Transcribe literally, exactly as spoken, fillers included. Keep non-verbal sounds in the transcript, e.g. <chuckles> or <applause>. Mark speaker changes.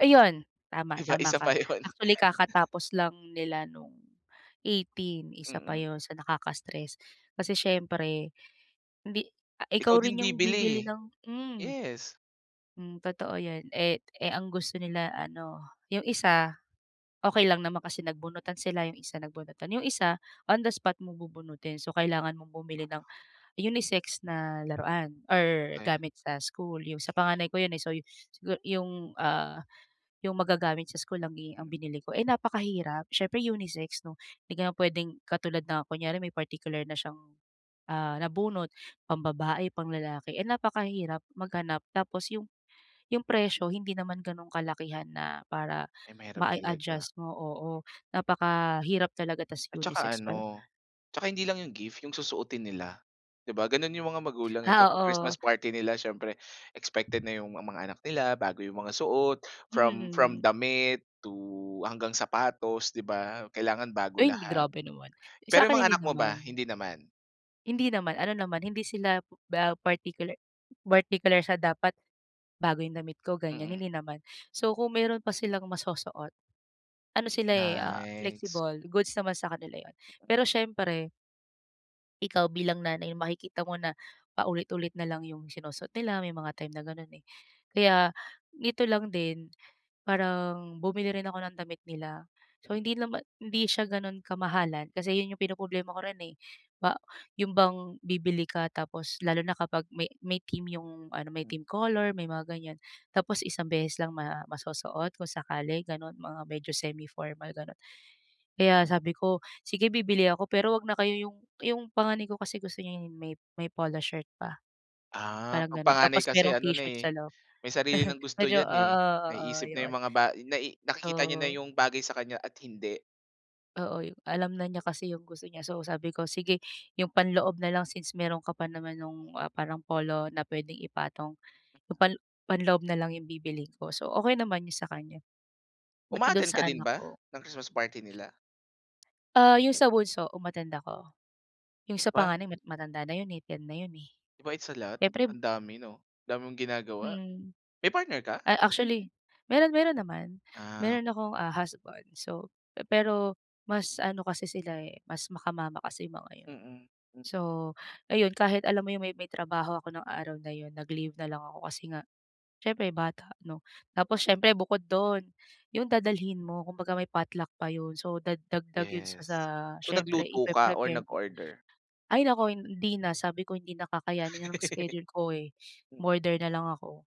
Speaker 1: Ayun! Tama,
Speaker 2: 'Di ba,
Speaker 1: tama
Speaker 2: isa
Speaker 1: ka.
Speaker 2: pa yun. <chuckles>
Speaker 1: Actually, kakatapos lang nila nung eighteen. Isa pa
Speaker 2: Mm.
Speaker 1: yun sa nakaka-stress, kasi siyempre hindi a
Speaker 2: Ikaw
Speaker 1: ikaw
Speaker 2: din
Speaker 1: rin yung
Speaker 2: bibili eh.
Speaker 1: bibili ng hmm.
Speaker 2: Yes.
Speaker 1: Hmm, totoo yan. Eh eh, ang gusto nila ano, yung isa, okey lang naman kasi nagbunutan sila, yung isa nagbunutan. Yung isa, on the spot mo bubunutin. So, kailangan mong bumili ng unisex na laruan or
Speaker 2: Ay.
Speaker 1: gamit sa school, yung sa panganay ko yun eh. So, yu sigu yung, ah, yung magagamit sa school lang i
Speaker 2: Mm.
Speaker 1: ang binili ko. Eh, napakahirap. Siyempre unisex 'no. Hindi ka naman pwedeng katulad na kunyare may particular na siyang, ah, nabunot, pambabae, panglalaki, eh napakahirap maghanap. Tapos yung yung presyo hindi naman ganun kalakihan na para
Speaker 2: Ay, mahirap talaga.
Speaker 1: mai-adjust mo oo. Napakahirap talaga tapos
Speaker 2: At tsaka
Speaker 1: unisex pa.
Speaker 2: ano, tsaka hindi lang yung gift yung susuotin nila. Di ba ganun yung mga magulang eh.
Speaker 1: Ah,
Speaker 2: Kapag
Speaker 1: oo.
Speaker 2: Christmas party nila siyempre expected na yung ma mga anak nila bago yung mga suot,
Speaker 1: Mm,
Speaker 2: from from
Speaker 1: hmm.
Speaker 2: damit to hanggang sapatos, 'di ba, kailangan bago
Speaker 1: Ay, hindi
Speaker 2: lahat.
Speaker 1: grabe naman.
Speaker 2: Pero yung
Speaker 1: Sa'kin
Speaker 2: mga
Speaker 1: hindi
Speaker 2: anak mo ba,
Speaker 1: naman.
Speaker 2: hindi naman?
Speaker 1: Hindi naman, ano naman, hindi sila ba partikular bartikular sa "Dapat bago yung damit ko," ganyan.
Speaker 2: Mm.
Speaker 1: Hindi naman. So, kung meron pa silang masusuot, ano sila eh, ah,
Speaker 2: Nice.
Speaker 1: flexible. Goods naman sa kanila yun. Pero siyempre ikaw bilang nanay, makikita mo na paulit-ulit na lang yung sinusuot nila, may mga time na gano'n eh. Kaya nito lang din, parang bumili rin ako ng damit nila. So,
Speaker 2: Mm.
Speaker 1: hindi naman hindi siya gano'n kamahalan, kasi yun yung pinoproblema ko rin eh. Ba yun bang bibili ka tapos lalo na kapag may may theme yung ano, may
Speaker 2: Mm.
Speaker 1: theme color, may mga ganyan. Tapos isang beses lang ma masusuot kung sakali, gano'n, mga medyo semi-formal, ganun. Kaya sabi ko, sige bibili ako pero wag na kayo yung yung panganay ko kasi gusto niya may polo shirt pa,
Speaker 2: Ah,
Speaker 1: parang
Speaker 2: 'pag
Speaker 1: ganun.
Speaker 2: panganay
Speaker 1: Tapos
Speaker 2: kasi
Speaker 1: merong
Speaker 2: ano na
Speaker 1: t-shirt
Speaker 2: eh,
Speaker 1: sa loob.
Speaker 2: may sarili ng
Speaker 1: <chuckles>
Speaker 2: gusto
Speaker 1: Medyo
Speaker 2: yan eh.
Speaker 1: oo-oo,
Speaker 2: Naiisip na yung
Speaker 1: yun.
Speaker 2: mga ba nai nakikita niya na
Speaker 1: Oo.
Speaker 2: yung bagay sa kanya at hindi.
Speaker 1: Oo, yung alam na niya kasi yung gusto niya. So, sabi ko, "Sige yung panloob na lang, since meron ka pa naman nung, ah, parang polo na pwedeng ipatong. Yung pan panloob na lang yung bibilhin ko." So okey naman yung sa kanya. Buti dun
Speaker 2: Uma-attend ka
Speaker 1: sa
Speaker 2: din
Speaker 1: anak
Speaker 2: ba,
Speaker 1: ko
Speaker 2: ng Christmas party nila?
Speaker 1: Ah, yung sa bunso um-attend ako. Yung
Speaker 2: 'Di
Speaker 1: sa
Speaker 2: ba?
Speaker 1: panganay, mat matanda na yun eh, ten na yun eh.
Speaker 2: 'Di ba, it's a lot?
Speaker 1: Eh prib
Speaker 2: Ang dami 'no, dami mong ginagawa.
Speaker 1: Mm.
Speaker 2: May partner ka?
Speaker 1: A actually, meron meron naman.
Speaker 2: Ah.
Speaker 1: Meron akong, ah, husband. So, pe-pero mas ano kasi sila eh, mas maka-mama kasi yung mga yun.
Speaker 2: Mm. Hmm.
Speaker 1: So, ayun kahit alam mo yung may may trabaho ako nung araw na yun, nag-leave na lang ako kasi nga, siyempre bata 'no. Tapos siyempre bukod dun, yung dadalhin mo, kumbaga may potluck pa yun, so dagdag yun sa sa
Speaker 2: Yes. So,
Speaker 1: syempre
Speaker 2: nagluto ka or
Speaker 1: ipre-prepare mo.
Speaker 2: nag-order?
Speaker 1: Ay naku! Hindi na, sabi ko, "Hindi na kakayanin ng schedule ko eh".
Speaker 2: Mm.
Speaker 1: Umorder nalang ako.